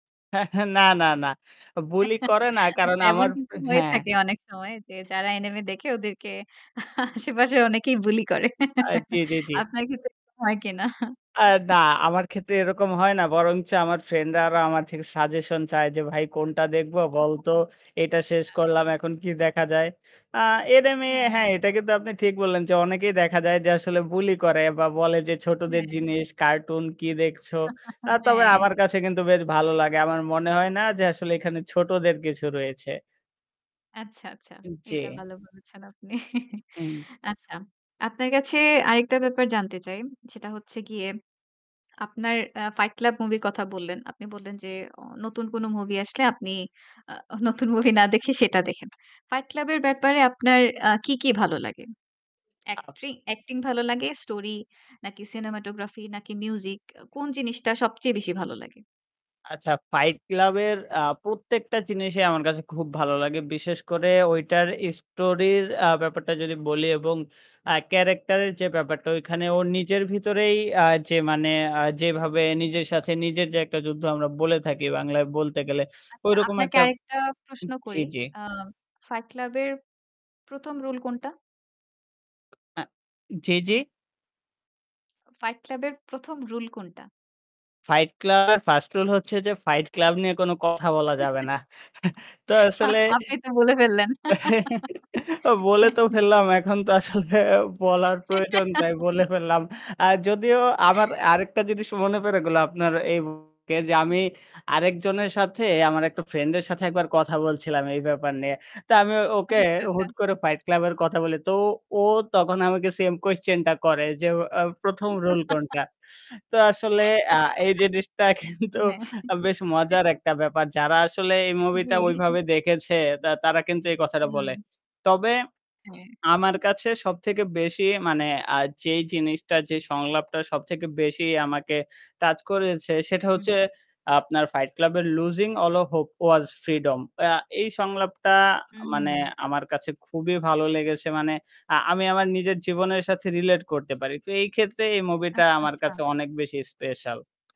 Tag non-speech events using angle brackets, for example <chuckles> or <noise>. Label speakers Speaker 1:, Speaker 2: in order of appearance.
Speaker 1: <chuckles> না, না, না। বুলি করে
Speaker 2: <giggles>
Speaker 1: না, কারণ
Speaker 2: আচ্ছা এমন
Speaker 1: আমার
Speaker 2: কিন্তু হয়ে
Speaker 1: হ্যাঁ।
Speaker 2: থাকে অনেক সময়। যে যারা এনিমে দেখে ওদেরকে আশেপাশে অনেকেই বুলি করে।
Speaker 1: আ জ্বী,
Speaker 2: <giggles>
Speaker 1: জ্বী, জ্বী।
Speaker 2: আপনার ক্ষেত্রে এরকম হয় কিনা?
Speaker 1: আ না, আমার ক্ষেত্রে এরকম হয় না। বরঞ্চ আমার ফ্রেন্ড-রা আরো আমার থেকে সাজেশন চায় যে ভাই কোনটা দেখবো বলতো। এটা
Speaker 2: <laughs>
Speaker 1: শেষ
Speaker 2: না।
Speaker 1: করলাম। এখন কি দেখা যায়। আ এটা আমি
Speaker 2: হ্যাঁ।
Speaker 1: হ্যাঁ, এটা কিন্তু আপনি ঠিক বললেন। যে অনেকেই দেখা যায় যে আসলে বুলি করে বা বলে যে ছোটদের
Speaker 2: হ্যাঁ।
Speaker 1: জিনিস কার্টুন কি দেখছো। আ
Speaker 2: <laughs>
Speaker 1: তবে
Speaker 2: হ্যাঁ
Speaker 1: আমার কাছে কিন্তু বেশ ভালো লাগে। আমার মনে হয় না যে আসলে এখানে ছোটদের কিছু রয়েছে।
Speaker 2: আচ্ছা, আচ্ছা।
Speaker 1: জ্বী।
Speaker 2: এটা ভালো বলেছেন আপনি। <chuckles>
Speaker 1: হুম।
Speaker 2: আচ্ছা। আপনার কাছে আরেকটা ব্যাপার জানতে চাই। সেটা হচ্ছে গিয়ে আপনার আ ফাইট ক্লাব মুভি-র কথা বললেন, আপনি বললেন যে ও নতুন কোন মুভি আসলে আপনি আ নতুন মুভি না দেখে সেটা দেখেন। ফাইট ক্লাব এর ব্যাপারে আপনার আ কি কি ভালো লাগে? অ্যাক্টিং অ্যাক্টিং ভালো লাগে? স্টোরি নাকি সিনেমাটোগ্রাফি নাকি মিউজিক কোন জিনিসটা সবচেয়ে বেশি ভালো লাগে?
Speaker 1: আচ্ছা, ফাইট ক্লাব-এর আ প্রত্যেকটা জিনিসই আমার কাছে খুব ভালো লাগে। বিশেষ করে ঐটার স্টোরির আ ব্যাপারটা যদি বলি এবং আ ক্যারাক্টার এর যে ব্যাপারটা। ঐখানে ওর নিজের ভিতরেই আ যে মানে আ যেভাবে নিজের সাথে নিজের যে একটা যুদ্ধ আমরা বলে থাকি বাংলায় বলতে গেলে।
Speaker 2: আচ্ছা
Speaker 1: ঐরকম
Speaker 2: আপনাকে
Speaker 1: একটা।
Speaker 2: আরেকটা প্রশ্ন
Speaker 1: জ্বি,
Speaker 2: করি।
Speaker 1: জ্বি।
Speaker 2: আ ফাইট ক্লাব এর ১ম রুল কোনটা?
Speaker 1: আ জ্বী, জ্বী।
Speaker 2: ফাইট ক্লাব এর ১ম রুল কোনটা?
Speaker 1: ফাইট ক্লাব 1st রুল হচ্ছে যে ফাইট ক্লাব নিয়ে কোন কথা বলা যাবে
Speaker 2: <giggles>
Speaker 1: না। <chuckles> তো আসলে
Speaker 2: আপনি তো বলে ফেললেন।
Speaker 1: <chuckles> বলে তো
Speaker 2: <giggles>
Speaker 1: ফেললাম। এখন তো আসলে বলার প্রয়োজন তাই
Speaker 2: <giggles>
Speaker 1: বলে ফেললাম। আ যদিও আমার আরেকটা জিনিস মনে পড়ে গেলো আপনার এই মুহুর্তে যে আমি আরেকজনের সাথে আমার একটা ফ্রেন্ড এর সাথে একবার কথা বলছিলাম এই ব্যাপার নিয়ে। তো আমি ওকে
Speaker 2: আচ্ছা, আচ্ছা।
Speaker 1: হুট করে ফাইট ক্লাব এর কথা বলি। তো ও তখন আমাকে সেম কুয়েসচেনটা করে। যে আ ১ম রুল
Speaker 2: <giggles>
Speaker 1: কোনটা? তো আসলে
Speaker 2: <giggles>
Speaker 1: আ
Speaker 2: আচ্ছা।
Speaker 1: এই জিনিসটা কিন্তু
Speaker 2: হ্যাঁ।
Speaker 1: বেশ মজার
Speaker 2: <giggles>
Speaker 1: একটা ব্যাপার। যারা আসলে এই
Speaker 2: জ্বী।
Speaker 1: মুভিটা ঐভাবে দেখেছে তা তারা কিন্তু এই কথাটা বলে।
Speaker 2: হুম।
Speaker 1: তবে
Speaker 2: হ্যাঁ।
Speaker 1: আমার কাছে সবথেকে বেশি মানে আ যেই জিনিসটা, যে সংলাপটা সবথেকে বেশি আমাকে টাচ করেছে। সেটা
Speaker 2: হুম।
Speaker 1: হচ্ছে আপনার ফাইট ক্লাব এর losing all of hope was freedom. আ এই সংলাপটা
Speaker 2: হুম,
Speaker 1: মানে
Speaker 2: হুম।
Speaker 1: আমার কাছে খুবই ভালো লেগেছে। মানে আ আমি আমার নিজের জীবনের সাথে রিলেট করতে পারি। তো এই ক্ষেত্রে এই মুভিটা
Speaker 2: আচ্ছা,
Speaker 1: আমার
Speaker 2: আচ্ছা।
Speaker 1: কাছে অনেক বেশি স্পেশাল।